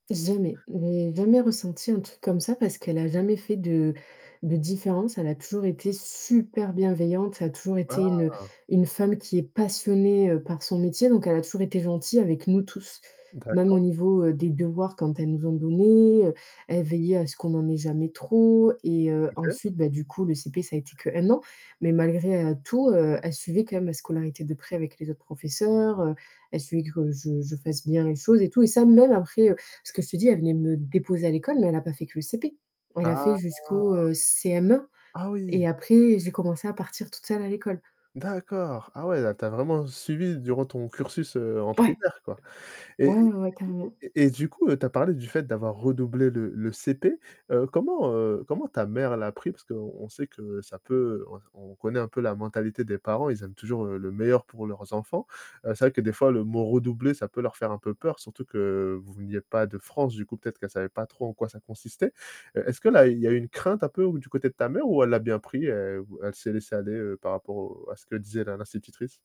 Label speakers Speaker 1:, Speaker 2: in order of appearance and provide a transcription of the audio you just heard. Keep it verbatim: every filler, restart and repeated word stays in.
Speaker 1: Jamais. J'ai jamais ressenti un truc comme ça parce qu'elle a jamais fait de de différence, elle a toujours été super bienveillante, ça a toujours été une
Speaker 2: Ah.
Speaker 1: une femme qui est passionnée, heu, par son métier, donc elle a toujours été gentille avec nous tous.
Speaker 2: D'accord.
Speaker 1: Même au niveau, heu, des devoirs quand elles nous en donnait, elle veillait à ce qu'on en ait jamais trop et heu,
Speaker 2: OK
Speaker 1: ensuite bah du coup le CP ça a été que un an, mais malgré tout, heu, elle suivait quand même la scolarité de près avec les autres professeurs, heu, elle suivait que je je fasse bien les choses et tout et ça même après, heu parce que je te dis elle venait me déposer à l'école, mais elle a pas fait que le CP. Elle a
Speaker 2: Ah.
Speaker 1: fait jusqu'au, heu, CM1.
Speaker 2: Ah oui!
Speaker 1: Et après j'ai commencé à partir toute seule à l'école.
Speaker 2: D'accord. Ah ouais là tu as vraiment suivi durant ton cursus, heu, en
Speaker 1: Ouais.
Speaker 2: primaire quoi. Et
Speaker 1: Ouais,
Speaker 2: et
Speaker 1: ouais, ouais,
Speaker 2: et
Speaker 1: carrément.
Speaker 2: et et et et du coup, heu, tu as parlé du fait d'avoir redoublé le le CP, heu, comment, heu comment ta mère l'a pris? Parce qu'on sait que ça peut on on connaît un peu la mentalité des parents, ils aiment toujours, heu, le meilleur pour leurs enfants. Heu, c'est vrai que des fois le mot redoubler ça peut leur faire un peu peur surtout que veniez pas de France du coup peut-être qu'elle savait pas trop en quoi ça consistait. Est-ce que là il y a une crainte un peu ou du côté de ta mère ou elle l'a bien pris, elle ou elle s'est laissé aller, heu, par rapport au à ce que disait la l'institutrice?